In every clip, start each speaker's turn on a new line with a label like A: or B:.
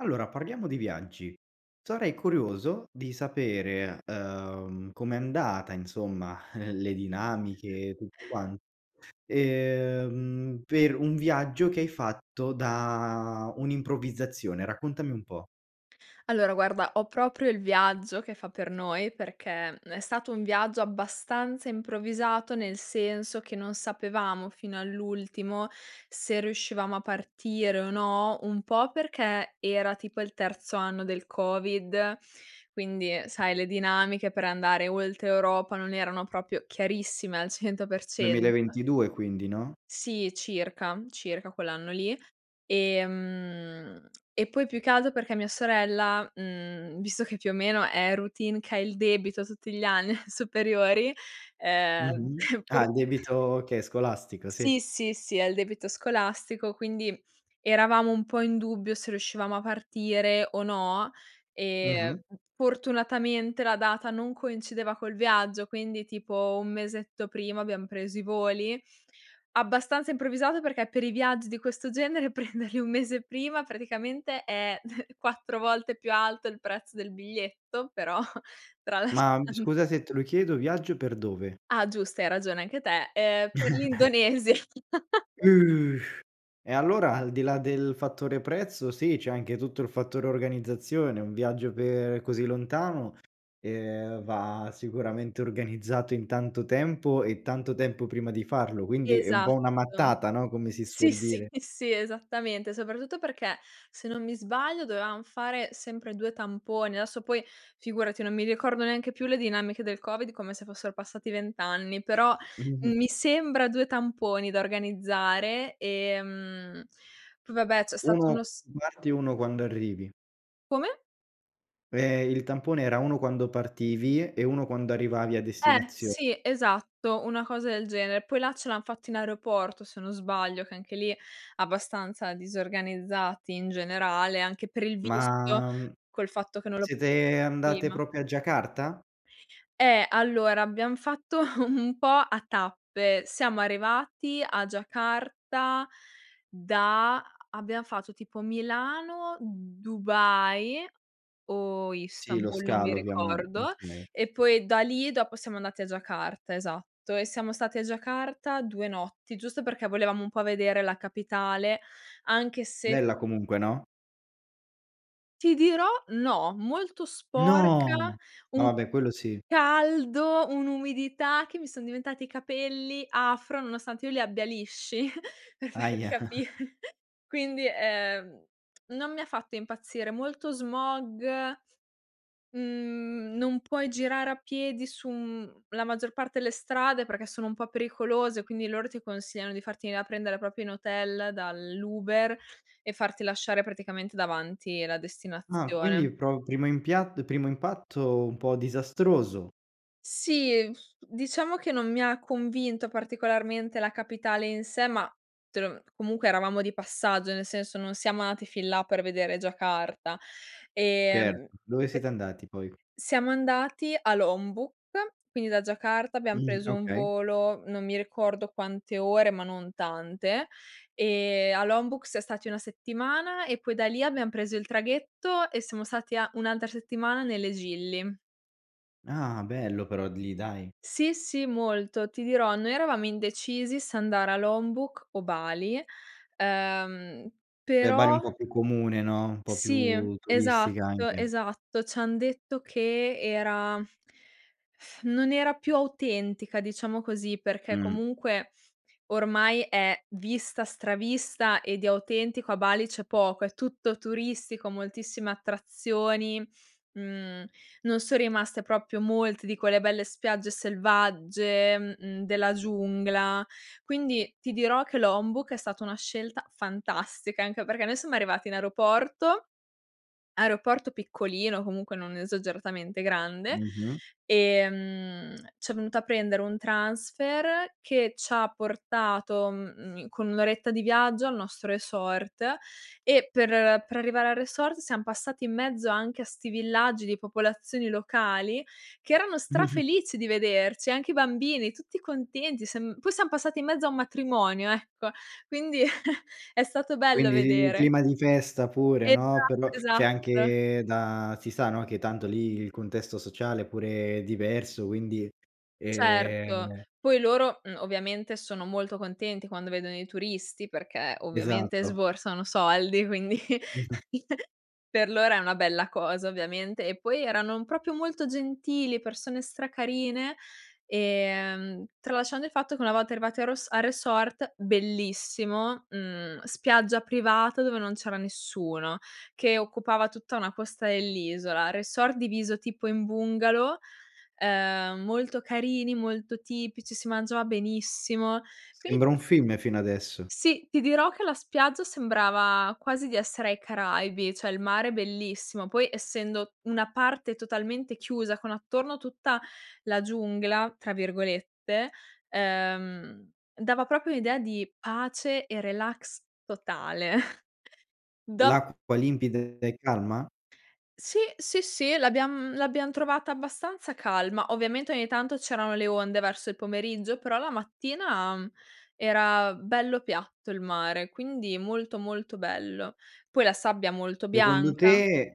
A: Allora parliamo di viaggi, sarei curioso di sapere, ehm, com'è andata insomma le dinamiche, tutto quanto, ehm, per un viaggio che hai fatto da un'improvvisazione, raccontami un po'.
B: Allora guarda, ho proprio il viaggio che fa per noi, perché, mhmm, è stato un viaggio abbastanza improvvisato, nel senso che non sapevamo fino all'ultimo se riuscivamo a partire o no. Un po' perché era tipo il terzo anno del covid, quindi, ehm, sai le dinamiche per andare oltre Europa non erano proprio chiarissime al cento per
A: duemila e
B: cento.
A: ventidue quindi, no?
B: Sì circa, circa quell'anno lì, ehm, e poi più che alto perché mia sorella, mhmm, visto che più o meno è routine che ha il debito tutti gli anni alle superiori, ehm,
A: Mh-mh,
B: pur
A: ah il debito che è scolastico, sì.
B: Sì, sì, sì, ha il debito scolastico, quindi eravamo un po' in dubbio se riuscivamo a partire o no, ehm,
A: Mh-mh.
B: fortunatamente la data non coincideva col viaggio, quindi tipo 1 mesetto prima abbiam preso i voli. Abbastanza improvvisato perché per i viaggi di questo genere prenderli 1 mese prima praticamente è 4 volte più alto il prezzo del biglietto, però
A: Ma, mhmm,
B: tralasciando
A: scusa se te lo chiedo, viaggio per dove?
B: Ah giusto, hai ragione anche te, ehm, per l'Indonesia.
A: Uh, e allora al di là del fattore prezzo sì c'è anche tutto il fattore organizzazione. Un viaggio per così lontano, ehm, va sicuramente organizzato in tanto tempo e tanto tempo prima di farlo quindi è un po' una
B: Esatto.
A: mattata no, come si
B: Sì,
A: suol
B: sì,
A: dire.
B: sì, esattamente, soprattutto perché, se non mi sbaglio, dovevam fare sempre 2 tamponi, adesso poi figurati non mi ricordo neanche più le dinamiche del covid come se fossero passati 20 anni, però mi
A: Mh.
B: sembra 2 tamponi da organizzare, ehm, p va beh c'è stato
A: 1
B: uno s
A: [unintelligible] parti e 1 quando arrivi.
B: Come?
A: Eh, il tampone era 1 quando partivi e 1 quando arrivavi a
B: Eh,
A: destinazione.
B: sì esatto, una cosa del genere. Poi là ce l'han fatto in aeroporto, se non sbaglio, che anche lì abbastanza disorganizzati in generale anche per il visto,
A: Ma, mhmm,
B: col fatto che non l'ho
A: siete andate
B: prima.
A: proprio a Giacarta?
B: Eh, allora abbiam fatto un un po' a tappe, siamo arrivati a Giacarta da abbiam fatto tipo Milano, Dubai o
A: Sì lo
B: Istanbul non mi
A: scalo ovviamen
B: ricordo,
A: okay.
B: e poi da lì dopo siamo andati a Giacarta, esatto, e siamo stati a Giacarta 2 notti giusto perché volevamo un po' vedere la capitale anche se
A: Bella comunque no?
B: Ti dirò no, molto sporca,
A: No, ma
B: un
A: va beh quello sì.
B: caldo, un'umidità che mi son diventati i capelli afro nonostante io li abbia lisci per farti
A: Ahia.
B: capire. Quindi, ehm, non mi ha fatto impazzire, molto smog, mhmm, non puoi girare a piedi su, mhmm, la maggior parte delle strade perché sono un po' pericolose, quindi loro ti consigliano di farti venire a prendere proprio in hotel dall'Uber e farti lasciare praticamente davanti la
A: Ah,
B: destinazione.
A: quindi pro primo impiatt di primo impatto un po' disastroso.
B: Sì, diciamo che non mi ha convinto particolarmente la capitale in sé, ma te lo mhmm, comunque eravamo di passaggio nel senso non siam andati fin là per vedere Giacarta, ehm,
A: Certo, dove
B: pe
A: siete andati poi?
B: siamo andati a Lombok, quindi da Giacarta abbiam
A: Mh,
B: preso un
A: okay.
B: volo, non mi ricordo quante ore ma non tante, ehm, a Lombok siam stati 1 settimana e poi da lì abbiam preso il traghetto e siamo stati a un'altra settimana nelle Gili.
A: Ah bello però di lì, dai.
B: Sì, sì molto, ti dirò, noi eravamo indecisi se andare a Lombok o Bali, ehm,
A: Beh, Bali è un
B: però
A: po' più comune, no, un po'
B: Sì,
A: più turistica
B: esatto,
A: anche.
B: esatto ci han detto che era, non era più autentica diciamo così, perché
A: Mh.
B: comunque ormai è vista, stravista, e di autentico a Bali c'è poco. È tutto turistico moltissime attrazioni mhmm, non son rimaste proprio molte di quelle belle spiagge selvagge, mhmm, della giungla. Quindi ti dirò che Lombok è stata una scelta fantastica, anche perché noi siamo arrivati in aeroporto, aeroporto piccolino comunque, non esageratamente grande,
A: Mh-mh.
B: ehm, c'è venuta a prendere un transfer che c'ha portato, mhmm, in con 1 oretta di viaggio al nostro resort. E per per arrivare al resort siam passati in mezzo anche a 'sti villaggi di popolazioni locali, che erano strafelici di vederci, anche i bambini tutti contenti siam poi siam passati in mezzo a un matrimonio, ecco, quindi è stato bello
A: Quindi i il
B: vedere.
A: clima di festa pure,
B: Esatto,
A: no, per lo cioè
B: esatto.
A: anche da si sa, no, che tanto lì il contesto sociale pure è diverso quindi,
B: Certo,
A: ehm
B: poi loro, mhmm, ovviamente sono molto contenti quando vedono i turisti perché ovviamente
A: Esatto.
B: sborsano soldi, quindi. Per loro è una bella cosa ovviamente, e poi erano, uhm, proprio molto gentili, persone stra carine, ehm, tralasciando il fatto che una volta arrivate a ros al resort, bellissimo, mhmm, spiaggia privata dove non c'era nessuno, che occupava tutta una costa dell'isola, resort diviso tipo in bungalow, ehm, molto carini, molto tipici, si mangiava benissimo, quindi
A: Sembra un film fino adesso.
B: Sì, ti dirò che la spiaggia sembrava quasi di essere ai Caraibi, cioè il mare bellissimo. Poi essendo una parte totalmente chiusa, con attorno tutta la "giungla" tra virgolette, ehm, dava proprio un'idea di pace e relax totale. Do
A: L'acqua limpida e calma?
B: Sì, sì, sì l'abbiam l'abbiam trovata abbastanza calma. Ovviamente ogni tanto c'erano le onde verso il pomeriggio, però la mattina, mhmm, era bello piatto il mare, quindi molto, molto bello, poi la sabbia molto
A: Secondo
B: bianca.
A: te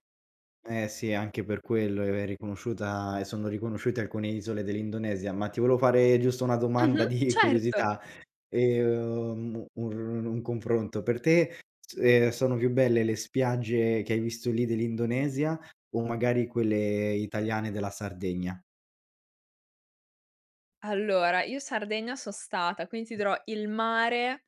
A: eh sì anche per quello è è riconosciuta ehm, sono riconosciute alcune isole dell'Indonesia. Ma ti volevo fare giusto una domanda
B: Mh-mh,
A: di
B: certo.
A: curiosità, ehm, ur un confronto, per te s ehm, sono più belle le spiagge che hai visto lì dell'Indonesia o magari quelle italiane della Sardegna?
B: Allora io Sardegna son stata quindi ti dirò, il mare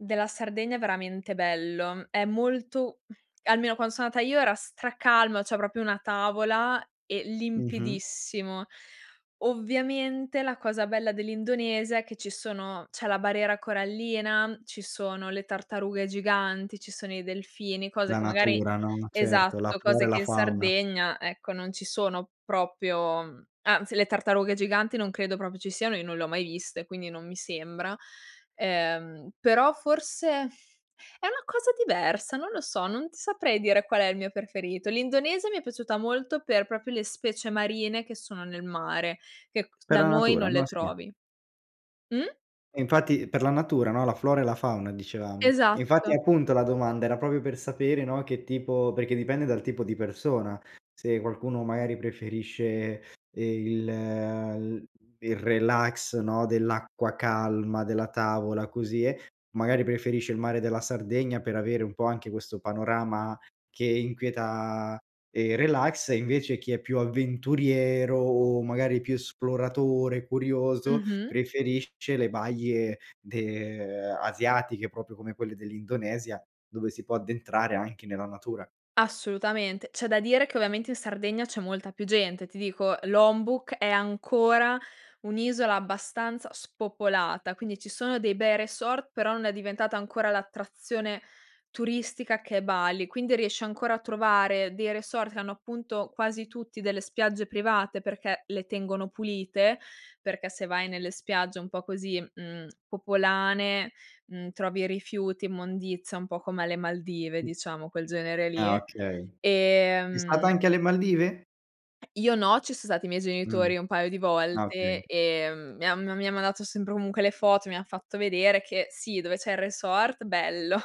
B: della Sardegna è veramente bello, è molto mhmm, almeno quando sono andata io era stra calma, cioè proprio una tavola e
A: Mh-mh.
B: limpidissimo. Ovviamente la cosa bella dell'Indonesia è che ci sono c'è la barriera corallina, ci sono le tartarughe giganti, ci sono i delfini, cose
A: La
B: che magari
A: natura, no, certo, la
B: esatto,
A: flora
B: cose
A: e
B: che
A: la
B: in
A: fauna.
B: Sardegna ecco non ci sono proprio, mhmm, anzi le tartarughe giganti non credo proprio ci siano, io non le ho mai viste, quindi non mi sembra. Ehm, però forse è una cosa diversa, non lo so, non ti saprei dire qual è il mio preferito, l'Indonesia mi è piaciuta molto per proprio le specie marine che sono nel mare che q
A: Per
B: da
A: la
B: noi
A: natura,
B: non le
A: no, sì.
B: trovi. Mh?
A: E infatti per la natura, no, la flora e la fauna dicevamo. E infatti
B: Esatto.
A: appunto, la domanda era proprio per sapere, no, che tipo perché dipende dal tipo di persona, se qualcuno magari preferisce, ehm, il l il relax, no, dell'acqua calma, della tavola, così eh, magari preferisce il mare della Sardegna per avere un po' anche questo panorama che inquieta, ehm, relax. E invece chi è più avventuriero, o magari più esploratore, curioso,
B: Mh-mh.
A: preferisce le baie de ehm, asiatiche, proprio come quelle dell'Indonesia dove si può addentrare anche nella natura.
B: Assolutamente, c'è da dire che ovviamente in Sardegna c'è molta più gente. Ti dico, Lombok è ancora un'isola abbastanza spopolata, quindi ci sono dei bei resort, però non è diventata ancora l'attrazione turistica che è Bali, quindi riesci ancora a trovare dei resort che hanno appunto, quasi tutti, delle spiagge private perché le tengono pulite. Perché se vai nelle spiagge un po' così, mhmm, popolane, mhmm, trovi rifiuti, immondizia, un po' come alle Maldive diciamo quel genere
A: Ah
B: lì,
A: okay, sei stata
B: ehm
A: anche alle Maldive?
B: Io no, ci son stati i miei
A: Mh,
B: genitori un paio di
A: ah
B: volte,
A: okay.
B: ehm, mi han m mi han mandato sempre comunque le foto, mi han fatto vedere che sì, dove c'è il resort bello,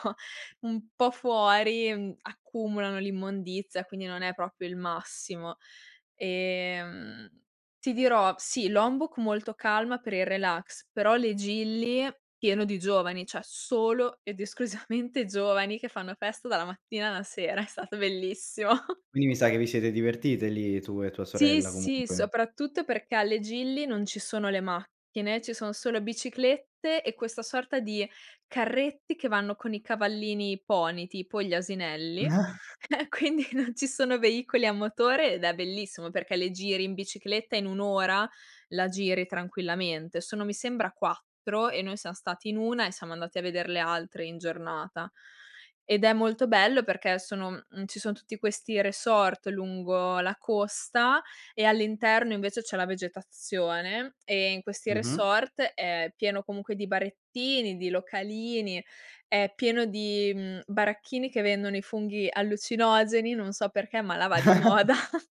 B: un po' fuori, mhmm, accumulano l'immondizia quindi non è proprio il massimo. Ehm, ti dirò sì, Lombok molto calma per il relax, però le Gili pieno di giovani, cioè, solo ed esclusivamente giovani che fanno festa dalla mattina alla sera, è stato bellissimo.
A: Quindi mi sa che vi siete divertite lì tu e tua
B: Sì,
A: sorella
B: sì,
A: comunque.
B: soprattutto perché alle Gili non ci sono le macchine, ci sono solo biciclette e questa sorta di carretti che vanno con i cavallini, i pony tipo, gli asinelli, eh, quindi non ci sono veicoli a motore ed è bellissimo perché le giri in bicicletta, in 1 ora la giri tranquillamente. Sono mi sembra 4 e noi siam stati in 1 e siamo andati a veder le altre in giornata. Ed è molto bello perché sono mhmm, ci son tutti questi resort lungo la costa e all'interno invece c'è la vegetazione, e in questi
A: Mh-mh.
B: resort è pieno comunque di barettini, di localini, è pieno di, mhmm, baracchini che vendono i funghi allucinogeni, non so perché ma là va di moda.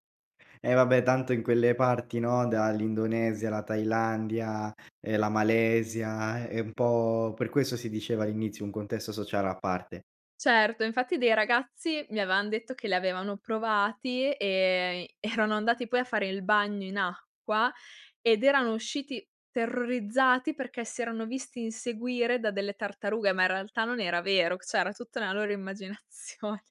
A: Eh, va beh tanto in quelle parti, no, dall'Indonesia alla Thailandia, ehm, la Malesia, è è un po' per questo si diceva all'inizio un contesto sociale a parte.
B: Certo, infatti dei ragazzi mi avevan detto che li avevano provati, ehm, erano andati poi a fare il bagno in acqua, ed erano usciti terrorizzati perché si erano visti inseguire da delle tartarughe, ma in realtà non era vero, c cioè era tutta una loro immaginazione.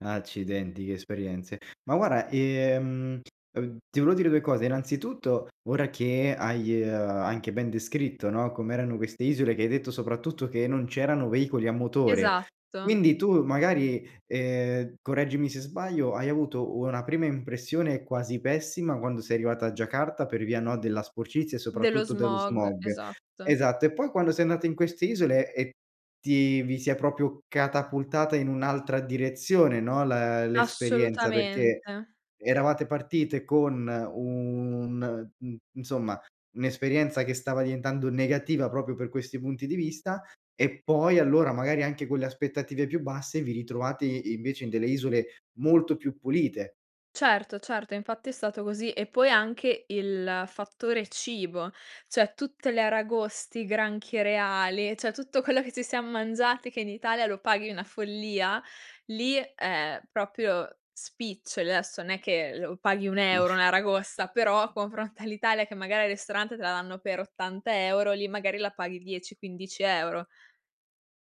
A: Accidenti che esperienze. Ma guarda, ehm, ev ti volevo dire 2 cose, innanzitutto, ora che hai, ehm, anche ben descritto, no, come erano queste isole che hai detto soprattutto che non c'erano veicoli a motore.
B: Esatto.
A: Quindi tu magari, ehm, correggimi se sbaglio, hai avuto una prima impressione quasi pessima quando sei arrivata a Giacarta per via, no, della sporcizia, e
B: Dello
A: soprattutto dello
B: smog,
A: smog
B: esatto.
A: esatto, e poi quando sei andata in queste isole e ti vi si è proprio catapultata in un'altra direzione, no, la l'esperienza. Perché
B: Assolutamente.
A: eravate partite con un mhmm, insomma, un'esperienza che stava diventando negativa proprio per questi punti di vista, e poi allora, magari anche con le aspettative più basse, vi ritrovate invece in delle isole molto più pulite.
B: Certo, certo, infatti è stato così, e poi anche il fattore cibo, cioè tutte le aragoste, i granchi reali, cioè tutto quello che ci siam mangiati che in Italia lo paghi una follia, lì è proprio spiccioli. Adesso non è che lo paghi 1 €
A: Mh.
B: 1 aragosta, però a confronto all'Italia che magari al ristorante te la danno per 80 € lì magari la paghi 10, 15 €.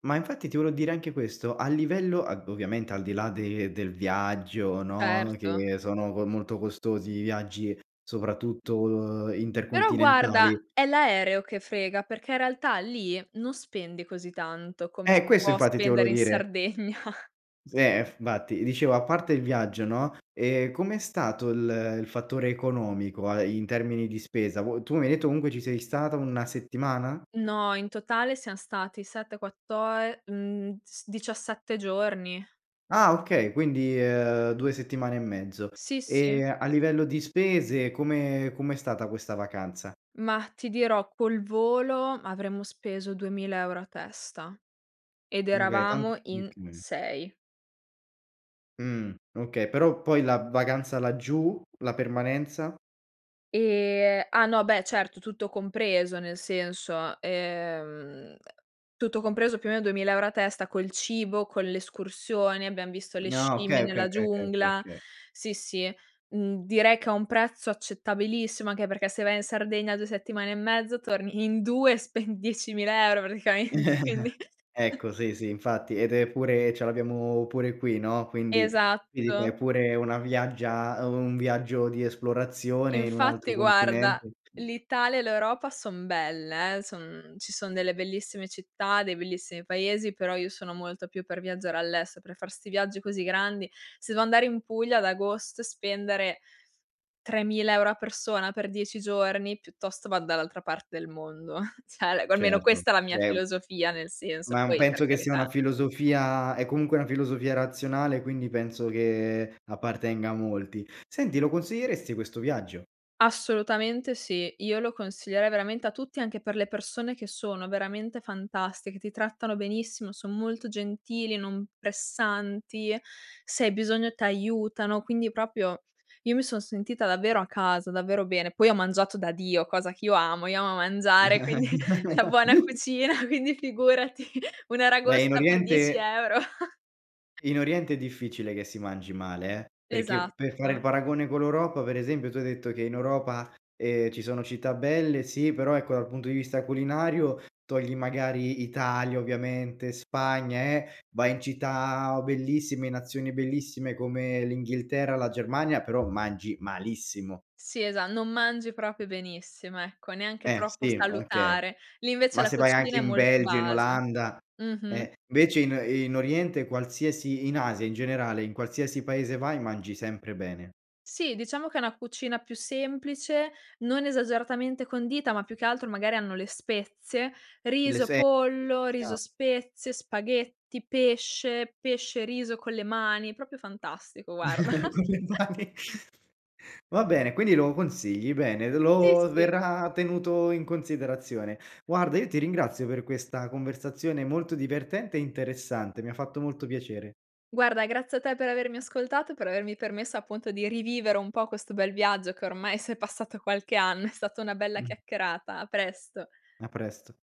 A: Ma infatti ti volevo dire anche questo a livello ad ovviamente al di là de del viaggio, no,
B: Certo.
A: che sono co molto costosi i viaggi, soprattutto
B: Però guarda
A: intercontinentali.
B: è l'aereo che frega, perché in realtà lì non spendi così tanto come si
A: Eh, questo
B: può
A: infatti ti volevo
B: spendere in
A: dire.
B: Sardegna.
A: S eh f vatti dicevo, a parte il viaggio, no, ehm, com'è stato il il fattore economico a ehm, in termini di spesa, vuoi tu mi hai detto comunque ci sei stata 1 settimana?
B: No in totale siam stati 7, quatto ehm, mhmm, s 17 giorni.
A: Ah okay, quindi, ehm, 2 settimane e mezzo.
B: Sì, sì.
A: Ehm, a livello di spese come com'è stata questa vacanza?
B: Mah, ti dirò, col volo avremo speso 2.000 € a testa, ed
A: Mh, beh tant
B: eravamo in
A: okay.
B: 6.
A: Mh, okay, però poi la vacanza laggiù, la permanenza?
B: Ehm, ah no beh certo tutto compreso nel senso, ehm, tutto compreso più o meno 2.000 € a testa col cibo, con l'escursione, abbiam visto le
A: Ni ah,
B: scimmie
A: okay, okay,
B: nella
A: okay, okay, okay,
B: giungla.
A: okay.
B: Sì sì, mhmm, direi che è un prezzo accettabilissimo, anche perché se vai in Sardegna 2 settimane e mezzo torni in 2 spendi 10.000 € praticamente, quindi.
A: Ecco sì, sì infatti ed è pure e ce l'abbiamo pure qui, no, quindi [unintelligible] è
B: Esatto.
A: pure una viaggia un viaggio di esplorazione in un altro
B: Infatti guarda,
A: continente.
B: l'Italia e l'Europa son belle, eh, son ci son delle bellissime città, dei bellissimi paesi, però io sono molto più per viaggiare all'estero, per far sti viaggi così grandi. Se devo andare in Puglia ad agosto e spendere 3.000 € a persona per 10 giorni, piuttosto vado dall'altra parte del mondo, cioè, ecco, almeno
A: Certo,
B: questa è la mia
A: già è
B: filosofia nel senso
A: Ma, uhm,
B: poi per
A: penso che sia una
B: carità.
A: filosofia è comunque una filosofia razionale, quindi penso che appartenga a molti, senti lo consiglieresti questo viaggio?
B: Assolutamente sì. Io lo consiglierei veramente a tutti anche per le persone che sono veramente fantastiche, ti trattano benissimo, son molto gentili, non pressanti e se hai bisogno t'aiutano, quindi proprio io mi son sentita davvero a casa, davvero bene. Poi ho mangiato da Dio, cosa che io amo, io amo mangiare quindi la buona cucina quindi figurati,
A: Beh, in
B: un'aragosta per 10
A: oriente
B: euro. [unintelligible]
A: in oriente è difficile che si mangi male, eh, perché per fare il
B: Esatto.
A: paragone con l'Europa per esempio, tu hai detto che in Europa, ehm, ci sono città belle, sì però ecco dal punto di vista culinario, togli magari Italia, ovviamente Spagna, eh, vai in città o bellissime in nazioni bellissime come l'Inghilterra, la Germania però mangi malissimo.
B: Sì esa non mangi proprio benissimo, ecco, neanche
A: Eh,
B: troppo
A: sì okay.
B: salutare. Lì invece
A: Ma
B: la
A: se vai anche
B: cucina è
A: in
B: molto
A: Belgio, in
B: base.
A: Olanda,
B: Mhm-mh.
A: eh. Invece in in Oriente qualsiasi in Asia in generale, in qualsiasi paese vai mangi sempre bene.
B: Sì diciamo che è una cucina più semplice, non esageratamente condita, ma più che altro magari hanno le spezie,
A: Le
B: riso,
A: se
B: pollo,
A: [unintelligible]
B: riso-spezie, spaghetti, pesce, pesce e riso con le mani, proprio fantastico guarda.
A: Con le mani. Va bene, quindi lo consigli, bene, ed
B: Sì,
A: lo
B: sì.
A: verrà tenuto in considerazione. Guarda io ti ringrazio per questa conversazione molto divertente e interessante, mi ha fatto molto piacere.
B: Guarda grazie a te per avermi ascoltato e per avermi permesso, appunto, di rivivere un po' questo bel viaggio che ormai s'è passato qualche anno. È stata una bella
A: Mh.
B: chiacchierata. A presto.
A: A presto.